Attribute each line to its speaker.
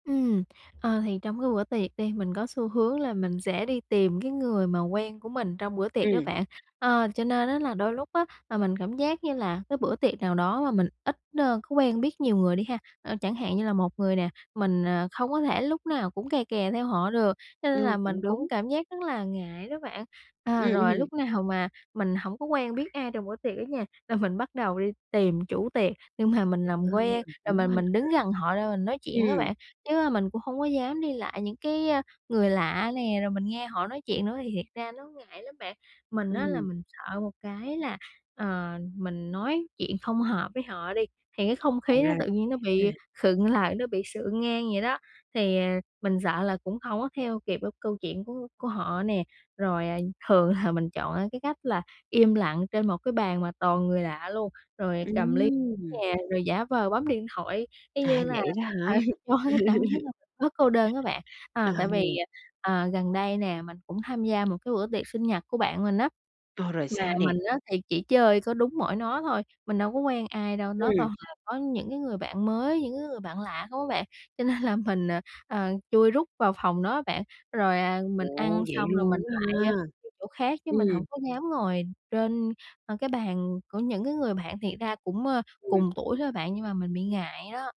Speaker 1: Ừm, ờ, thì trong cái bữa tiệc đi, mình có xu hướng là mình sẽ đi tìm cái người mà quen của mình trong bữa tiệc đó
Speaker 2: Ừm.
Speaker 1: bạn. Ờ, cho nên á là đôi lúc á mà mình cảm giác như là cái bữa tiệc nào đó mà mình ít, nơ, có quen biết nhiều người đi ha, ơ, chẳng hạn như là một người nè, mình, ờ, không có thể lúc nào cũng kè kè theo họ được, cho nên là
Speaker 2: Ngưu,
Speaker 1: mình
Speaker 2: cũng
Speaker 1: cũng
Speaker 2: đúng.
Speaker 1: cảm giác rất là ngại đó bạn. À,
Speaker 2: Ừm
Speaker 1: rồi
Speaker 2: hừm.
Speaker 1: lúc nào mà mình hổng có quen biết ai trong bữa tiệc á nha, là mình bắt đầu đi tìm chủ tiệc, nhưng mà mình
Speaker 2: À,
Speaker 1: làm quen
Speaker 2: ơ,
Speaker 1: rồi
Speaker 2: cũng
Speaker 1: mình
Speaker 2: quan [unintelligible]
Speaker 1: mình
Speaker 2: ha.
Speaker 1: đứng gần họ ra mình nói chuyện á
Speaker 2: Ừm.
Speaker 1: bạn, chứ, a, mình cũng hông có dám đi lại những cái, a, người lạ nè, rồi mình nghe họ nói chuyện nữa thì thiệt ra nó ngại lắm bạn. Mình á là
Speaker 2: Ừm.
Speaker 1: mình sợ một cái là, ờ, mình nói chuyện không hợp với họ đi, thì cái không
Speaker 2: [unintelligible] Ờ,
Speaker 1: khí nó
Speaker 2: ra là
Speaker 1: tự nhiên nó
Speaker 2: vậy
Speaker 1: bị
Speaker 2: ha.
Speaker 1: khựng lại, nó bị sượng ngang vậy đó. Thì, à, mình sợ là cũng hổng có theo kịp được câu chuyện của của họ nè. Rồi, à, thường là mình chọn, a, cái cách là im lặng trên một cái bàn mà toàn người lạ luôn, rồi cầm ly
Speaker 2: Ừm.
Speaker 1: nè, rồi giả vờ bấm điện thoại, y
Speaker 2: À,
Speaker 1: như là,
Speaker 2: vậy đó
Speaker 1: ờ,
Speaker 2: hả?
Speaker 1: cho cái cảm giác là bớt cô đơn á bạn.
Speaker 2: À,
Speaker 1: Ờ, tại vì,
Speaker 2: hừm.
Speaker 1: ờ, ờ, gần đây nè, mình cũng tham gia một cái bữa tiệc sinh nhật của bạn mình á,
Speaker 2: Ờ, rồi
Speaker 1: mà
Speaker 2: sao nè?
Speaker 1: mình á thì chỉ chơi có đúng mỗi nó thôi, mình đâu có quen ai đâu, nó
Speaker 2: Ừm.
Speaker 1: toàn là có những cái người bạn mới, những cái người bạn lạ không á bạn, cho nên là mình, à, à, chui rúc vào phòng nó bạn. Rồi, à, mình
Speaker 2: Ồ,
Speaker 1: ăn
Speaker 2: vậy
Speaker 1: xong rồi mình
Speaker 2: luôn á
Speaker 1: lại, a,
Speaker 2: ha.
Speaker 1: đi chỗ khác chứ mình hổng
Speaker 2: Ừm.
Speaker 1: có dám ngồi trên, a, cái bàn của những cái người bạn, thiệt ra cũng, ơ,
Speaker 2: Ừm.
Speaker 1: cùng tuổi thôi bạn, nhưng mà mình bị ngại đó.